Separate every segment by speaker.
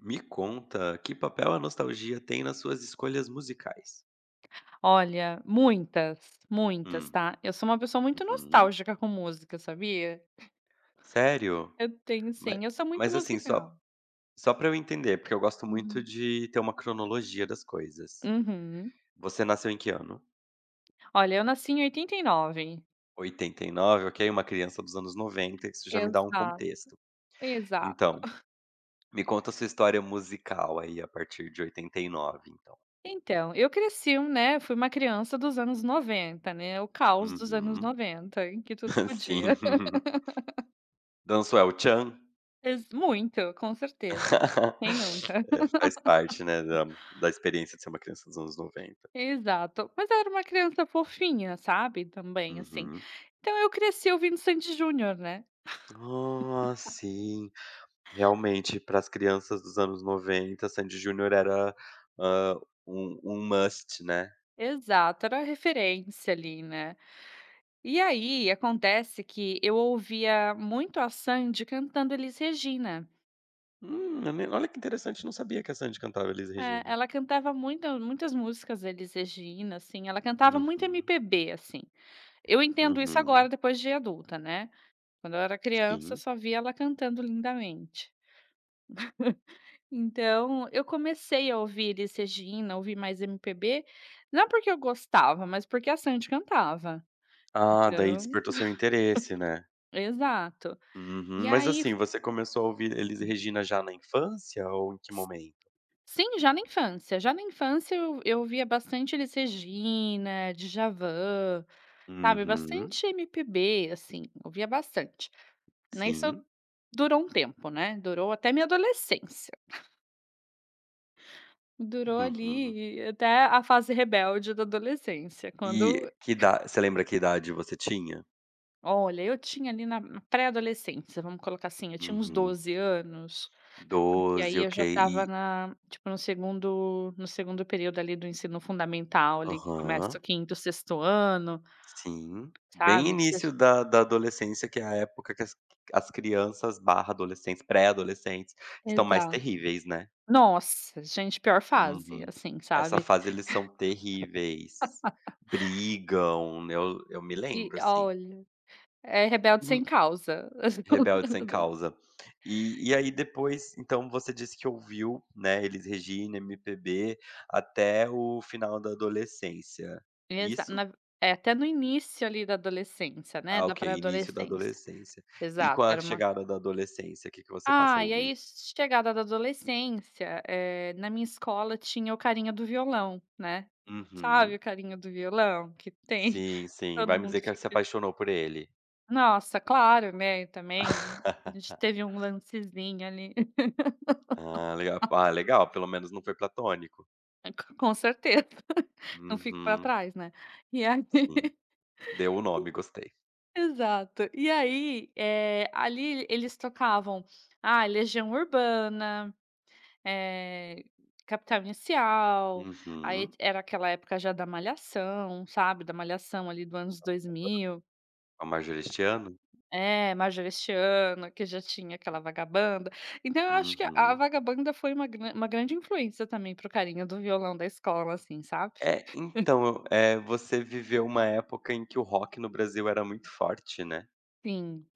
Speaker 1: Me conta, que papel a nostalgia tem nas suas escolhas musicais?
Speaker 2: Olha, muitas, muitas,
Speaker 1: Hum.
Speaker 2: tá? Eu sou uma pessoa muito
Speaker 1: Uhum.
Speaker 2: nostálgica com música, sabia?
Speaker 1: Sério?
Speaker 2: Eu tenho
Speaker 1: Mai
Speaker 2: sim, eu sou muito
Speaker 1: mas assim
Speaker 2: musical.
Speaker 1: só só para eu entender, porque eu gosto muito
Speaker 2: Uhum.
Speaker 1: de ter uma cronologia das coisas.
Speaker 2: Uhum.
Speaker 1: Você nasceu em que ano?
Speaker 2: Olha, eu nasci em 89.
Speaker 1: 89, ok, uma criança dos anos 90, isso já me dá um
Speaker 2: Exato,
Speaker 1: contexto.
Speaker 2: exato.
Speaker 1: Então, me conta a sua história musical, aí, a partir de 89, então.
Speaker 2: Então, eu cresci um, né, fui uma criança dos anos 90, né, o caos dos anos
Speaker 1: Uhum.
Speaker 2: 90, em que tudo
Speaker 1: Sim.
Speaker 2: podia.
Speaker 1: Dançou É o Tcham?
Speaker 2: Ex muito, com certeza. Quem nunca?
Speaker 1: É, faz parte, né, da da experiência de ser uma criança dos anos 90.
Speaker 2: Exato. Mas eu era uma criança fofinha, sabe, também assim.
Speaker 1: Uhum.
Speaker 2: Então eu cresci ouvindo Sandy e Junior, né.
Speaker 1: Ah, sim, realmente, para as crianças dos anos 90, Sandy e Junior era, hã, um um must, né.
Speaker 2: Exato, era a referência, ali, né. E aí acontece que eu ouvia muito a Sandy cantando Elis Regina.
Speaker 1: Hum, [unintelligible] olha que interessante! Não sabia que a Sandy cantava Elis
Speaker 2: É,
Speaker 1: Regina.
Speaker 2: ela cantava muita muitas músicas Elis Regina, assim, ela cantava muito
Speaker 1: Uhum.
Speaker 2: MPB, assim. Eu entendo isso
Speaker 1: Uhum.
Speaker 2: agora, depois de adulta, né, quando eu era criança,
Speaker 1: Sim.
Speaker 2: só via ela cantando lindamente. Então, eu comecei a ouvir Elis Regina, ouvir mais MPB, não porque eu gostava, mas porque a Sandy cantava,
Speaker 1: Ah, daí
Speaker 2: então
Speaker 1: despertou seu interesse, né?
Speaker 2: Exato,
Speaker 1: Uhum,
Speaker 2: e
Speaker 1: mas
Speaker 2: aí
Speaker 1: assim,
Speaker 2: f
Speaker 1: você começou a ouvir Elis
Speaker 2: Hum.
Speaker 1: Regina já na infância ou em que
Speaker 2: S
Speaker 1: momento?
Speaker 2: sim, já na infância já na infância, eu eu ouvia bastante Elis Regina, Djavan, sabe,
Speaker 1: Uhum.
Speaker 2: bastante MPB assim ouvia bastante. Ai isso
Speaker 1: Sim.
Speaker 2: durou um tempo, né, durou até minha adolescência. Durou
Speaker 1: Uhum.
Speaker 2: ali, até a fase rebelde da adolescência quando
Speaker 1: E, que ida você lembra que idade você tinha?
Speaker 2: Olha, eu tinha, ali, na na pré-adolescência, vamos colocar assim, eu tinha uns
Speaker 1: Uhum.
Speaker 2: 12 anos, porque
Speaker 1: 12
Speaker 2: aí eu
Speaker 1: ok,
Speaker 2: já estava
Speaker 1: e
Speaker 2: na tipo no 2º no 2º período, ali, do ensino fundamental, ali, que começa
Speaker 1: Aham.
Speaker 2: o 5º, 6º ano,
Speaker 1: Sim, bem
Speaker 2: sabe, que você já
Speaker 1: início da da adolescência, que é a época que as qui que as crianças / adolescentes, pré-adolescentes estão mais
Speaker 2: Exato!
Speaker 1: terríveis, né?
Speaker 2: Nossa, gente, pior fase
Speaker 1: Uhum,
Speaker 2: assim,
Speaker 1: essa
Speaker 2: sabe?
Speaker 1: fase, eles são terríveis. Brigam, né? Eu me
Speaker 2: E,
Speaker 1: lembro, assim.
Speaker 2: olha! É rebelde
Speaker 1: Em
Speaker 2: sem causa.
Speaker 1: rebelde sem
Speaker 2: [unintelligible]
Speaker 1: causa. E e aí, depois, então, você disse que ouviu, né, Elis Regina, MPB até o final da adolescência,
Speaker 2: Exa
Speaker 1: isso?
Speaker 2: na v É, até no início, ali, da adolescência, né,
Speaker 1: Ah,
Speaker 2: da
Speaker 1: ok! Início da
Speaker 2: pré-adolescência.
Speaker 1: adolescência. E com
Speaker 2: Exato,
Speaker 1: a
Speaker 2: era uma
Speaker 1: chegada da adolescência, que que você passou
Speaker 2: Ah,
Speaker 1: a
Speaker 2: e
Speaker 1: ouvir?
Speaker 2: aí, chegada da adolescência, eh, na minha escola tinha o carinha do violão, né, sabe,
Speaker 1: Uhum.
Speaker 2: o carinha do violão que tem,
Speaker 1: Sim, sim.
Speaker 2: todo
Speaker 1: Vai me
Speaker 2: mundo
Speaker 1: dizer que se
Speaker 2: fica
Speaker 1: apaixonou por ele?
Speaker 2: Nossa! Claro, né. Também, a gente teve um lancezinho ali.
Speaker 1: Ah, legal, [unintelligible] legal! Pelo menos não foi platônico.
Speaker 2: [unintelligible] Com certeza. Não fico para
Speaker 1: Uhum.
Speaker 2: trás né. E aí
Speaker 1: Sim. Deu o nome, gostei.
Speaker 2: Exato, eh, e aí, ali eles tocavam, ah, Legião Urbana, eh, Capital Inicial. Aí
Speaker 1: Uhum.
Speaker 2: era aquela época já da Malhação, sabe? Da Malhação ali do anos
Speaker 1: [unintelligible]
Speaker 2: 2000.
Speaker 1: Com a Marjorie Estiano.
Speaker 2: É, Marjorie Estiano, que já tinha aquela vagabanda. Então eu acho que a a
Speaker 1: Uhum.
Speaker 2: vagabanda foi uma gran uma grande influência, também, para o carinho do violão da escola, assim, sabe?
Speaker 1: É então, eh, você viveu uma época em que o rock no Brasil era muito forte, né.
Speaker 2: Sim,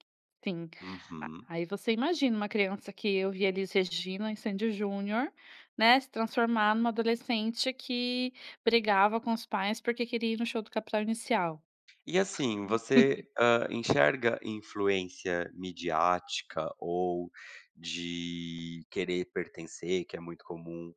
Speaker 2: sim.
Speaker 1: Uhum.
Speaker 2: Aí você imagina uma criança que ouvia Elis Regina e Sandy& Junior, né. Se transformar em uma adolescente que brigava com os pais porque queria ir no show do Capital Inicial.
Speaker 1: E assim, você, eh, enxerga influência midiática ou de querer pertencer, que é muito comum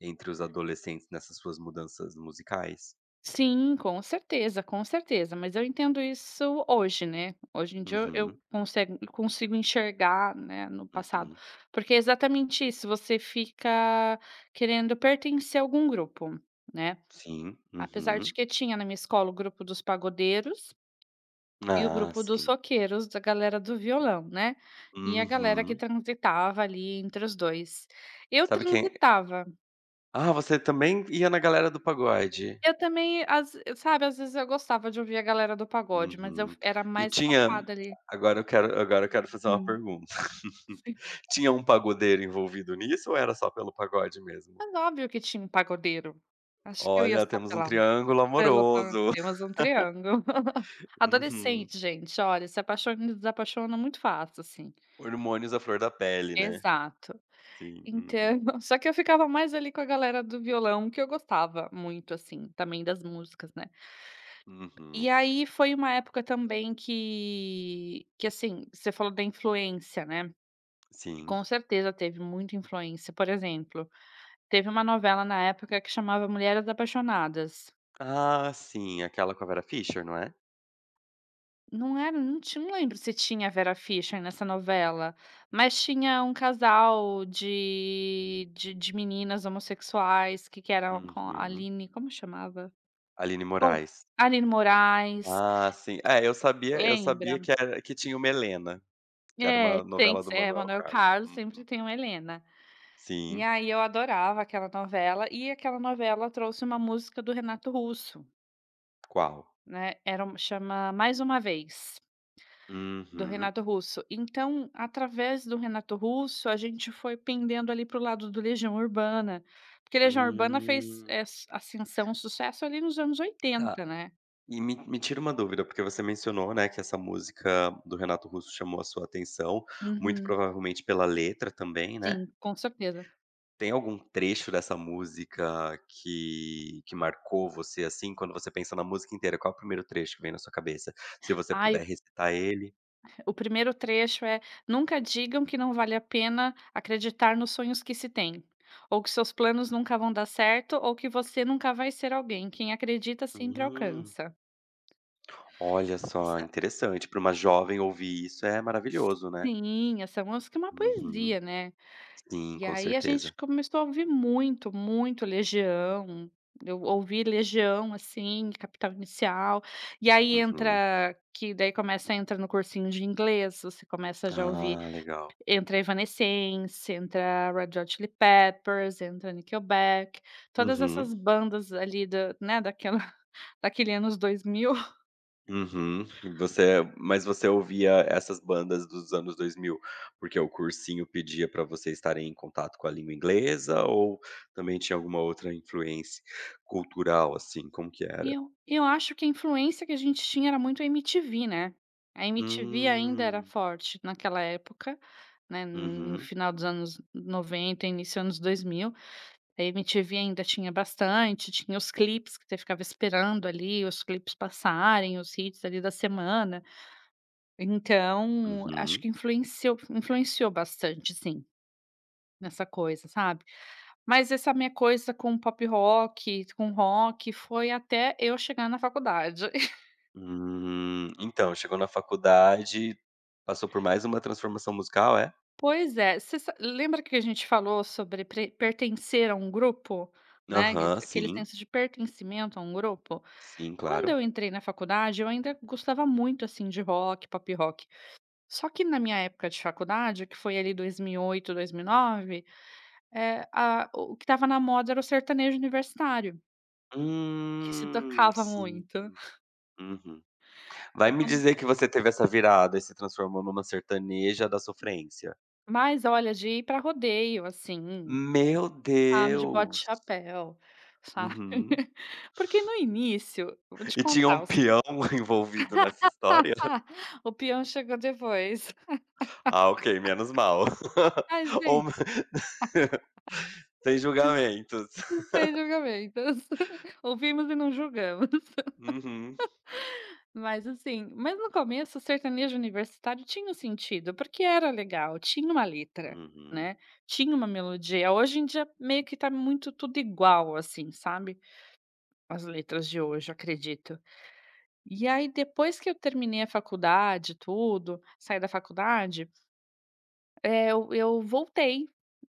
Speaker 1: entre os adolescentes, nessas suas mudanças musicais?
Speaker 2: Sim, com certeza, com certeza, mas eu entendo isso hoje, né. Hoje em dia eu eu
Speaker 1: Uhum.
Speaker 2: consego eu consigo enxergar, né, no passado,
Speaker 1: Uhum.
Speaker 2: porque é exatamente isso, você fica querendo pertencer a algum grupo, né?
Speaker 1: Sim,
Speaker 2: Apesar de
Speaker 1: uhum.
Speaker 2: que tinha na minha escola o grupo dos pagodeiros, e o
Speaker 1: Ah,
Speaker 2: grupo dos
Speaker 1: sim.
Speaker 2: roqueiros, da galera do violão, né, e a galera que
Speaker 1: Uhum.
Speaker 2: transitava, ali, entre os 2. Eu
Speaker 1: Sabe quem
Speaker 2: transitava.
Speaker 1: Ah você, também, ia na galera do pagode.
Speaker 2: Eu, também às sabe às vezes eu gostava de ouvir a galera do pagode mas eu
Speaker 1: Uhum,
Speaker 2: fo era
Speaker 1: e
Speaker 2: mais
Speaker 1: tinha,
Speaker 2: focada ali
Speaker 1: agora eu quero agora eu quero fazer uma
Speaker 2: Hum.
Speaker 1: pergunta.
Speaker 2: [unintelligible]
Speaker 1: Tinha um pagodeiro envolvido nisso ou era só pelo pagode mesmo?
Speaker 2: Mas óbvio que tinha um pagodeiro. Acho que eu ia
Speaker 1: Olha
Speaker 2: só
Speaker 1: temos um
Speaker 2: pela
Speaker 1: triângulo
Speaker 2: pelo para
Speaker 1: amoroso.
Speaker 2: ter mais um triângulo.
Speaker 1: Uhum.
Speaker 2: Adolescente, gente, olha, se apaixona e desapaixona muito fácil assim.
Speaker 1: Hormônios à flor da pele, né.
Speaker 2: Exato.
Speaker 1: Sim, uhum.
Speaker 2: Então, só que eu ficava mais ali com a galera do violão que eu gostava muito assim, também, das músicas, né. E
Speaker 1: Uhum.
Speaker 2: aí foi uma época também que que assim, você falou da influência, né,
Speaker 1: Sim.
Speaker 2: com certeza teve muita influência, por exemplo, teve uma novela na época que chamava Mulheres Apaixonadas.
Speaker 1: Ah sim, aquela com a Vera Fisher, não é?
Speaker 2: Não era não ti não lembro se tinha a Vera Fischer nessa novela, mas tinha um casal de de de meninas homossexuais que que era com a
Speaker 1: Uhum.
Speaker 2: Aline, como chamava?
Speaker 1: Aline
Speaker 2: Ou
Speaker 1: Moraes.
Speaker 2: Alinne Moraes.
Speaker 1: Ah sim, é eu sabia eu sabia
Speaker 2: Lembra?
Speaker 1: que era que tinha uma Helena, que era
Speaker 2: É,
Speaker 1: uma
Speaker 2: tem
Speaker 1: novela do
Speaker 2: s é,
Speaker 1: Manoel
Speaker 2: Manoel
Speaker 1: Carlos
Speaker 2: Carlos
Speaker 1: uhum.
Speaker 2: sempre tem uma Helena. E
Speaker 1: Sim.
Speaker 2: aí eu adorava aquela novela, e aquela novela trouxe uma música do Renato Russo.
Speaker 1: Qual?
Speaker 2: Né, era uma chama mais uma vez. Do
Speaker 1: Uhum.
Speaker 2: Renato Russo. Então através do Renato Russo a gente foi pendendo, ali, para o lado do Legião Urbana, porque Legião Urbana fez,
Speaker 1: Hum.
Speaker 2: eh, ascensão, sucesso, ali, nos anos
Speaker 1: Tá.
Speaker 2: 80, né?
Speaker 1: E me me tira uma dúvida porque você mencionou, né, que essa música do Renato Russo chamou a sua atenção, muito
Speaker 2: Uhum.
Speaker 1: provavelmente pela letra, também, né.
Speaker 2: Sim, com certeza.
Speaker 1: Tem algum trecho dessa música que que marcou você, assim, quando você pensa na música inteira, qual o priemiro trecho que vem na sua cabeça? Se você
Speaker 2: Ai
Speaker 1: puder
Speaker 2: o
Speaker 1: recitar ele.
Speaker 2: O primeiro trecho é: "Nunca digam que não vale a pena acreditar nos sonhos que se tem. Ou que seus planos nunca vão dar certo, ou que você nunca vai ser alguém. Quem acredita sempre
Speaker 1: Hum.
Speaker 2: alcança".
Speaker 1: Olha só,
Speaker 2: Essa
Speaker 1: interessante, pra uma jovem ouvir isso é maravilhoso, né.
Speaker 2: Sim, essa música é uma
Speaker 1: Uhum.
Speaker 2: poesia, né.
Speaker 1: Sim,
Speaker 2: E
Speaker 1: com
Speaker 2: aí a gente
Speaker 1: certeza.
Speaker 2: começou a ouvir muito, muito Legião. Eu ouvi Legião, assim, Capital Inicial. E aí
Speaker 1: Uhum.
Speaker 2: entra que daí começa entra no cursinho de inglês, você começa já ouvir
Speaker 1: Ah, legal.
Speaker 2: entra Evanescence, entra Red Hot Chili Peppers, entra Nickelback, todas
Speaker 1: Uhum.
Speaker 2: essas bandas, ali, da, né, daquela daquele anos 2000.
Speaker 1: Uhum. Você, eh mas você ouvia essas bandas dos anos 2000 porque o cursinho pedia pra vocês estarem em contato com a língua inglesa ou também tinha alguma outra influência cultural, assim? Como que
Speaker 2: E
Speaker 1: era?
Speaker 2: eu e eu acho que a influência que a gente tinha era muito a MTV, né. A MTV ainda era
Speaker 1: Hum.
Speaker 2: forte naquela época, né, n no
Speaker 1: Uhum.
Speaker 2: final dos anos 90, início anos 2000. A MTV ainda tinha bastante, tinha os clipes que você ficava esperando ali os clipes passarem, os hits, ali, da semana. Então acho
Speaker 1: Uhum.
Speaker 2: que influenceu influenciou bastante, sim, nessa coisa, sabe. Mas essa minha coisa com pop-rock, com rock foi até eu chegar na faculdade.
Speaker 1: Hum. Então, chegou na faculdade, passou por mais uma transformação musical, é?
Speaker 2: Pois é. Você sa lembra que a gente falou sobre pre pertencer a um grupo? Né, que
Speaker 1: Aham,
Speaker 2: d aquele
Speaker 1: sim.
Speaker 2: senso de pertencimento a um grupo?
Speaker 1: Sim,
Speaker 2: Quando
Speaker 1: claro.
Speaker 2: eu entrei na faculdade, eu ainda gostava muito, assim, de rock, pop-rock, só que na minha época de faculdade, que foi ali 2008, 2009, eh, a o que estava na moda era o sertanejo universitário. Que se
Speaker 1: Hum,
Speaker 2: tocava
Speaker 1: sim.
Speaker 2: muito.
Speaker 1: Uhum,
Speaker 2: Foi
Speaker 1: vai me
Speaker 2: quando
Speaker 1: dizer que você teve essa virada e se transformou numa sertaneja da sofrência?
Speaker 2: Mas olha de ir pra rodeio assim,
Speaker 1: Meu
Speaker 2: sabe. De bota e
Speaker 1: Deus!
Speaker 2: chapéu, sabe,
Speaker 1: Uhum.
Speaker 2: porque no início, eu vou te
Speaker 1: E tinha um
Speaker 2: contar os
Speaker 1: peão envolvido nessa história?
Speaker 2: O peão chegou depois.
Speaker 1: Ah ok, menos mal,
Speaker 2: Mas
Speaker 1: ou,
Speaker 2: veio.
Speaker 1: sem julgamentos.
Speaker 2: Sem julgamentos. Ouvimos e não julgamos.
Speaker 1: Uhum.
Speaker 2: Mas assim, mas no começo sertanejo universitário tinha um sentido, porque era legal, tinha uma letra,
Speaker 1: Uhum.
Speaker 2: né, tinha uma melodia, hoje em dia meio que tá muito tudo igual assim, sabe. As letras de hoje, acredito. E aí depois que eu terminei a faculdade, tudo, saí da faculdade. Eh, eu eu voltei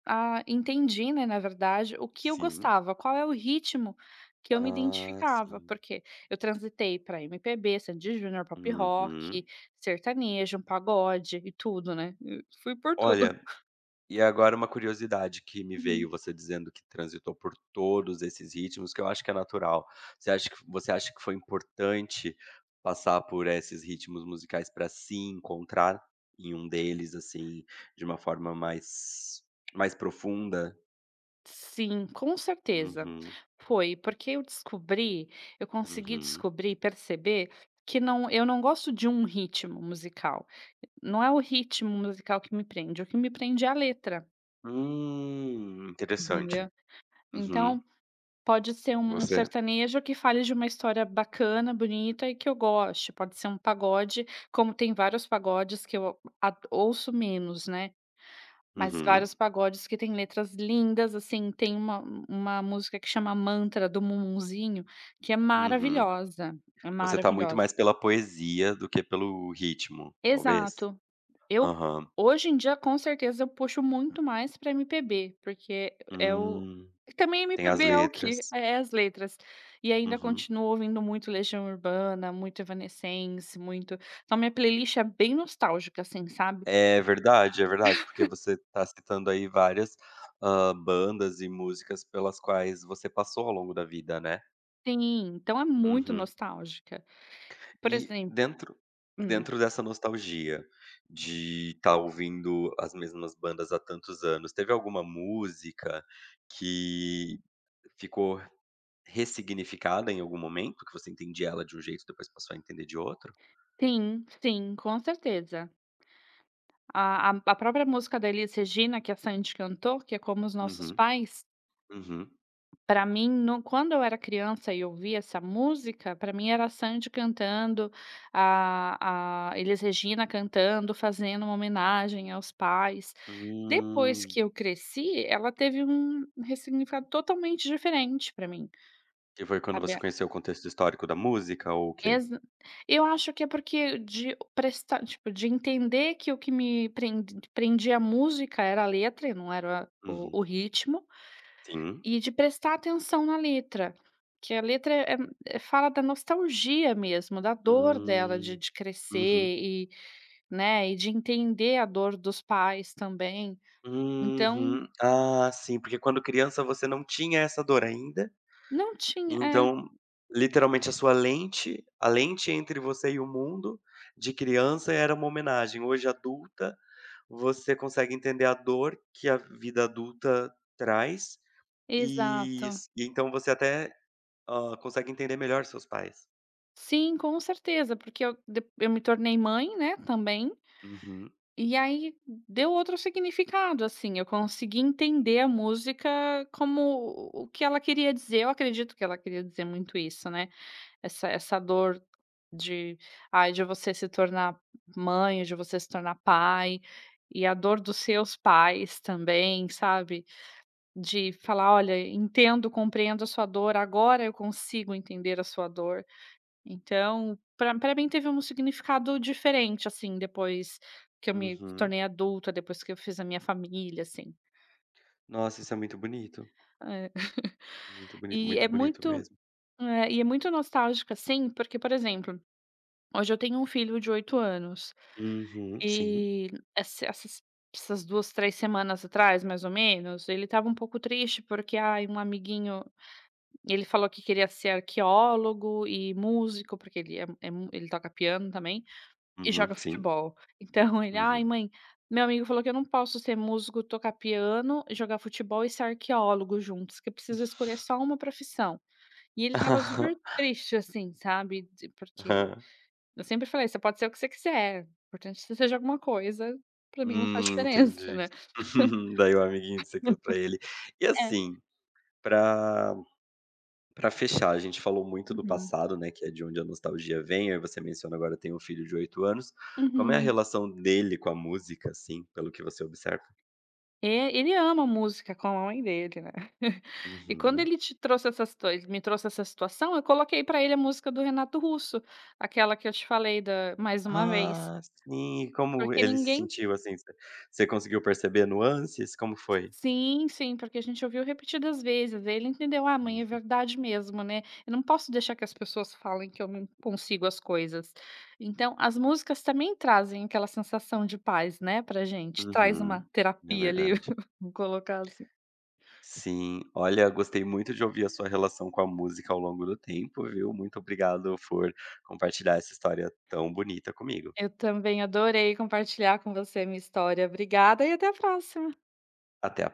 Speaker 2: a entendi, né, na verdade, o que eu
Speaker 1: Sim.
Speaker 2: gostava, qual é o ritmo que eu me
Speaker 1: Ah
Speaker 2: identificava,
Speaker 1: sim.
Speaker 2: porque eu transitei para MPB, Sandy& Junior, pop rock,
Speaker 1: Uhum.
Speaker 2: sertanejo, pagode e tudo, né? Fui por tudo.
Speaker 1: Olha, e agora uma curiosidade que me veio
Speaker 2: Uhum.
Speaker 1: você dizendo que transitou por todos esses ritmos, que eu acho que é natural, você acha que você acha que foi importante passar por esses ritmos musicais para se encontrar em um deles, assim, de uma forma mais mais profunda?
Speaker 2: Sim, com certeza.
Speaker 1: Uhum.
Speaker 2: Foi, porque eu descobri, eu consegui
Speaker 1: Uhum.
Speaker 2: descobrir e perceber que não eu não gosto de um ritmo musical, não é o ritmo musical que me prende, o que me prende é a letra.
Speaker 1: Hum, interessante.
Speaker 2: Entendeu.
Speaker 1: Uhum.
Speaker 2: Então pode ser um um
Speaker 1: Você?
Speaker 2: sertanejo que fale de uma história bacana, bonita e que eu goste. Pode ser um pagode, como tem vários pagodes que eu a ouço menos, né, mas
Speaker 1: Uhum.
Speaker 2: vários pagodes que têm letras lindas, assim, tem uma uma música que chama: Mantra do Mumuzinho que é
Speaker 1: Uhum.
Speaker 2: maravilhosa, é
Speaker 1: Você está muito
Speaker 2: maravilhosa.
Speaker 1: mais pela poesia do que pelo ritmo, talvez?
Speaker 2: Exato. Eu
Speaker 1: Aham.
Speaker 2: hoje em dia, com certeza, eu puxo muito mais para MPB, porque é o
Speaker 1: Hum.
Speaker 2: e também
Speaker 1: Tem as
Speaker 2: MPB é o quê?
Speaker 1: letras.
Speaker 2: É as letras, e ainda
Speaker 1: Uhum.
Speaker 2: continuo ouvindo muito Legião Urbana, muito Evanescence muito então a minha playlist é bem nostálgica, assim, sabe.
Speaker 1: É, verdade, é verdade, porque você está citando, aí, várias, hã, bandas e músicas pelas quais você passou ao longo da vida, né.
Speaker 2: Sim, então é muito
Speaker 1: Uhum.
Speaker 2: nostálgica. Por
Speaker 1: E
Speaker 2: exem
Speaker 1: dentro
Speaker 2: Hum.
Speaker 1: dentro dessa nostalgia, de estar ouvindo as mesmas bandas há tantos anos, teve alguma música que ficou ressignificada em algum momento, que você entendia ela de um jeito, depois passou a entender de outro?
Speaker 2: Sim, sim, com certeza. A a a própria música da Elis Regina que a Sandy cantou, que é Como os Nossos
Speaker 1: Uhum.
Speaker 2: Pais
Speaker 1: Uhum.
Speaker 2: para mim, no quando eu era criança e ouvia essa música, para mim era a Sandy cantando, a a Elis Regina cantando, fazendo uma homenagem aos pais. Depois
Speaker 1: Hum.
Speaker 2: que eu cresci, ela teve um ressignificado totalmente diferente para mim,
Speaker 1: Que foi quando
Speaker 2: sabe,
Speaker 1: você
Speaker 2: a
Speaker 1: conheceu o contexto histórico da música ou o quê?
Speaker 2: Exa eu acho que é porque de prestar tipo, de entender que o que me pren prendia a música era a letra e não era o
Speaker 1: Uhum.
Speaker 2: o ritmo,
Speaker 1: Sim.
Speaker 2: e de prestar atenção na letra, que a letra, eh eh eh, fala da nostalgia mesmo, da dor dela de
Speaker 1: Hum.
Speaker 2: de
Speaker 1: Uhum.
Speaker 2: crescer e, né, e de entender a dor dos pais também, então
Speaker 1: Uhum. Ah, sim, porque quando criança você não tinha essa dor ainda,
Speaker 2: Não tinha, é.
Speaker 1: então literalmente a sua lente, a lente entre você e o mundo, de criança era uma homenagem, hoje adulta, você consegue entender a dor que a vida adulta traz, e
Speaker 2: Exato.
Speaker 1: s então você até, hã, consegue entender melhor seus pais.
Speaker 2: Sim, com certeza porque eu de eu me tornei mãe, né, também,
Speaker 1: Uhum.
Speaker 2: e aí deu outro significado assim, eu consegui entender a música como, o o que ela queria dizer. Eu acredito que ela queria dizer muito isso, né. Essa essa dor de, ai de você se tornar mãe, de você se tornar pai, e a dor dos seus pais também, sabe. De falar: "Olha, en entendo, compreendo a sua dor, agora eu consigo entender a sua dor". Então, para para mim teve um significado diferente assim depois que eu me
Speaker 1: Uhum.
Speaker 2: tornei adulta, depois que eu fiz a minha família assim.
Speaker 1: Nossa, isso é muito bonito.
Speaker 2: Hã.
Speaker 1: Muito bonito,
Speaker 2: E
Speaker 1: muito
Speaker 2: é
Speaker 1: bonito
Speaker 2: muito,
Speaker 1: mesmo.
Speaker 2: eh, e é muito nostálgica assim, porque por exemplo, hoje eu tenho um filho de 8 anos.
Speaker 1: Uhum, sim.
Speaker 2: E esse essas essas 2, 3 semanas atrás mais ou menos, ele estava um pouco triste porque ai, um amiguinho, ele falou que queria ser arqueólogo e músico porque ele é é mu ele toca piano também, e
Speaker 1: Uhum,
Speaker 2: joga
Speaker 1: sim.
Speaker 2: futebol. Então ele ai
Speaker 1: Uhum.
Speaker 2: mãe, meu amigo falou que eu não posso ser músico, tocar piano e jogar futebol e ser arqueólogo juntos, que eu preciso escolher só uma profissão. E ele estava super triste assim, sabe, di porque,
Speaker 1: Aham.
Speaker 2: eu sempre falei você pode ser o que você quiser, importante que você seja alguma coisa, para mim não
Speaker 1: Hum,
Speaker 2: faz diferença,
Speaker 1: entendi.
Speaker 2: né
Speaker 1: Daí o amiguinho disse aquilo para ele, e
Speaker 2: É.
Speaker 1: assim, para para fechar a gente falou muito do
Speaker 2: Uhum.
Speaker 1: passado, né, que é de onde a nostalgia vem, aí você menciona: "Agora eu tenho um filho de 8 anos" Como é a
Speaker 2: Uhum.
Speaker 1: relação dele com a música assim, pelo que você observa?
Speaker 2: É, ele ama música como a mãe dele, né. E quando
Speaker 1: Uhum.
Speaker 2: ele te trouxe essas toi me trouxe essa situação, eu coloquei para ele a música do Renato Russo, aquela que eu te falei da, Mais uma Vez.
Speaker 1: Ah, sim, e como
Speaker 2: Porque
Speaker 1: ele se
Speaker 2: ninguém
Speaker 1: sentiu assim, você você conseguiu perceber nuances, como foi?
Speaker 2: Sim, sim, porque a gente ouviu repetidas vezes, ele entendeu: "Ah mãe, é
Speaker 1: Uhum.
Speaker 2: verdade mesmo, né. Eu não posso deixar que as pessoas falem que eu não consigo as coisas." Então as músicas também trazem aquela sensação de paz, né, para gente, traz uma
Speaker 1: Uhum, é
Speaker 2: terapia ali,
Speaker 1: verdade.
Speaker 2: vamos colocar assim.
Speaker 1: Sim, olha, gostei muito de ouvir a sua relação com a música ao longo do tempo, viu? Muito obrigado por compartilhar essa história tão bonita comigo.
Speaker 2: Eu também adorei compartilhar com você a minha história, obrigada e até a próxima.
Speaker 1: Até.